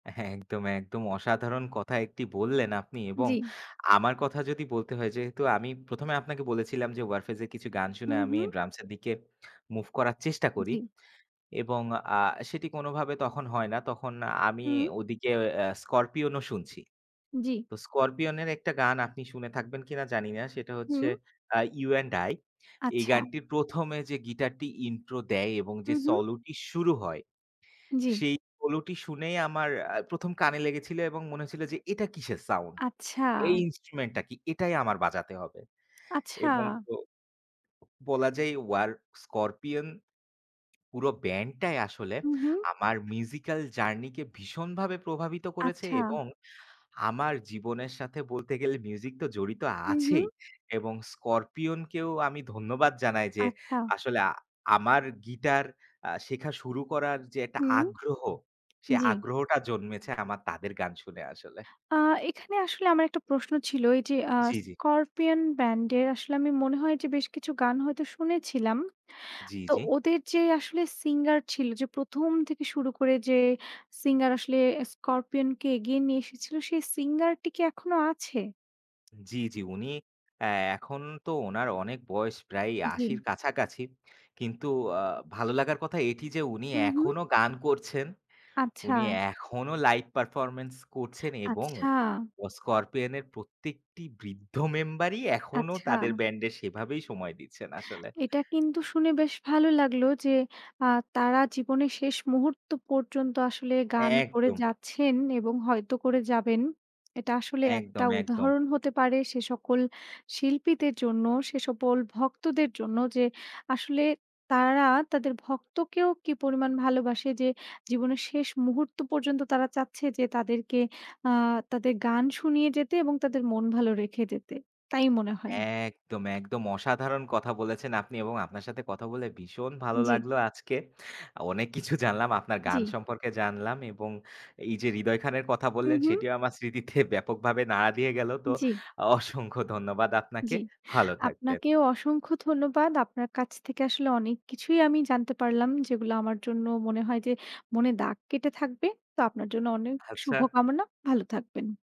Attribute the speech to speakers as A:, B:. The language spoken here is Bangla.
A: হ্যাঁ, একদম, একদম। অসাধারণ কথা একটি বললেন আপনি এবং
B: জি।
A: আমার কথা যদি বলতে হয় যেহেতু আমি ১ম এ আপনাকে বলেছিলাম 'Warfaze' যে এর কিছু গান শুনে
B: হুম,
A: আমি
B: হুম।
A: drums এর দিকে move করার চেষ্টা করি।
B: জি।
A: এবং আ সেটি কোনভাবে তখন হয় না। তখন আমি
B: হুম।
A: ওদিকে আ 'Scorpion' ও শুনছি।
B: জি।
A: তো 'Scorpion' এর একটা গান আপনি শুনে থাকবেন কিনা জানি না। সেটা হচ্ছে
B: হুম।
A: আ 'You and I' এই
B: আচ্ছা।
A: গানটি ১ম এ যে গিটারটি intro দেয় এবং
B: হু,
A: যে
B: হু।
A: solo টি শুরু হয়,
B: জি।
A: সেই solo টি শুনেই আমার আ ১ম কানে লেগেছিল এবং মনে হয়েছিল যে এটা কিসের সাউন্ড?
B: আচ্ছা।
A: এই instrument টা কি? এটাই আমার বাজাতে হবে।
B: আচ্ছা।
A: এবং বলা অ যায় ওয়ার 'Scorpion' পুরো ব্যান্ডটাই আসলে
B: হুম, হুম।
A: আমার musical journey কে ভীষণভাবে প্রভাবিত করেছে
B: আচ্ছা।
A: এবং আমার জীবনের সাথে বলতে গেলে মিউজিক তো জড়িত
B: হুম,
A: আছেই
B: হুম।
A: এবং 'Scorpion' কেও আমি ধন্যবাদ জানাই যে
B: আচ্ছা।
A: আসলে আ আমার গিটার আ শেখা শুরু করার যে একটা
B: হুম।
A: আগ্রহ, সে
B: জি।
A: আগ্রহটা জন্মেছে আমার তাদের গান শুনে আসলে।
B: আ এখানে আসলে আমার একটা প্রশ্ন ছিল এইযে আ
A: জি, জি।
B: 'Scorpion' ব্যান্ডের আসলে আমি মনে হয় যে বেশ কিছু গান হয়তো শুনেছিলাম।
A: জি,
B: তো
A: জি।
B: ওদের যে আসলে singer ছিল যে ১ম থেকে শুরু করে যে singer আসলে 'Scorpion' কে এগিয়ে নিয়ে এসেছিল সেই singer টি কি এখনো আছে?
A: জি, জি, উনি অ্যা এখন তো ওনার অনেক বয়স প্রায় ৮০ র
B: জি।
A: কাছাকাছি। কিন্তু আ ভালো লাগার কথা এটি যে উনি
B: হুম, হুম।
A: এখনো গান করছেন,
B: আচ্ছা।
A: উনি এখনো live performance করছেন এবং
B: আচ্ছা।
A: অ 'Scorpion' এর প্রত্যেকটি বৃদ্ধ মেম্বারই এখনো তাদের
B: আচ্ছা।
A: ব্যান্ডে সেভাবেই সময় দিচ্ছেন আসলে।
B: এটা কিন্তু শুনে বেশ ভালো লাগল যে আ তারা জীবনের শেষ মুহূর্ত পর্যন্ত আসলে গান করে
A: একদম।
B: যাচ্ছেন এবং হয়তো করে যাবেন। এটা আসলে একটা
A: একদম, একদম।
B: উদাহরণ হতে পারে সে সকল শিল্পীদের জন্য, সে সকল ভক্তদের জন্য, যে আসলে তারা তাদের ভক্তকেও কী পরিমাণ ভালোবাসে যে জীবনের শেষ মুহূর্ত পর্যন্ত তারা চাচ্ছে যে তাদেরকে আ তাদের গান শুনিয়ে যেতে এবং তাদের মন ভালো রেখে যেতে, তাই মনে হয়।
A: একদম, একদম। অসাধারণ কথা বলেছেন আপনি এবং আপনার সাথে কথা বলে ভীষণ ভালো
B: জি।
A: লাগলো আজকে। অনেক কিছু জানলাম আপনার গান
B: জি।
A: সম্পর্কে জানলাম এবং এইযে হৃদয় খানের কথা
B: হু,
A: বললেন
B: হু।
A: সেটিও আমার স্মৃতিতে ব্যাপকভাবে নাড়া দিয়ে গেল। তো
B: জি।
A: অসংখ্য ধন্যবাদ আপনাকে।
B: জি।
A: ভালো থাকবেন।
B: আপনাকেও অসংখ্য ধন্যবাদ। আপনার কাছ থেকে আসলে অনেক কিছুই আমি জানতে পারলাম যেগুলো আমার জন্য মনে হয় যে মনে দাগ কেটে থাকবে। তো আপনার জন্য অনেক
A: আচ্ছা।
B: শুভকামনা। ভালো থাকবেন।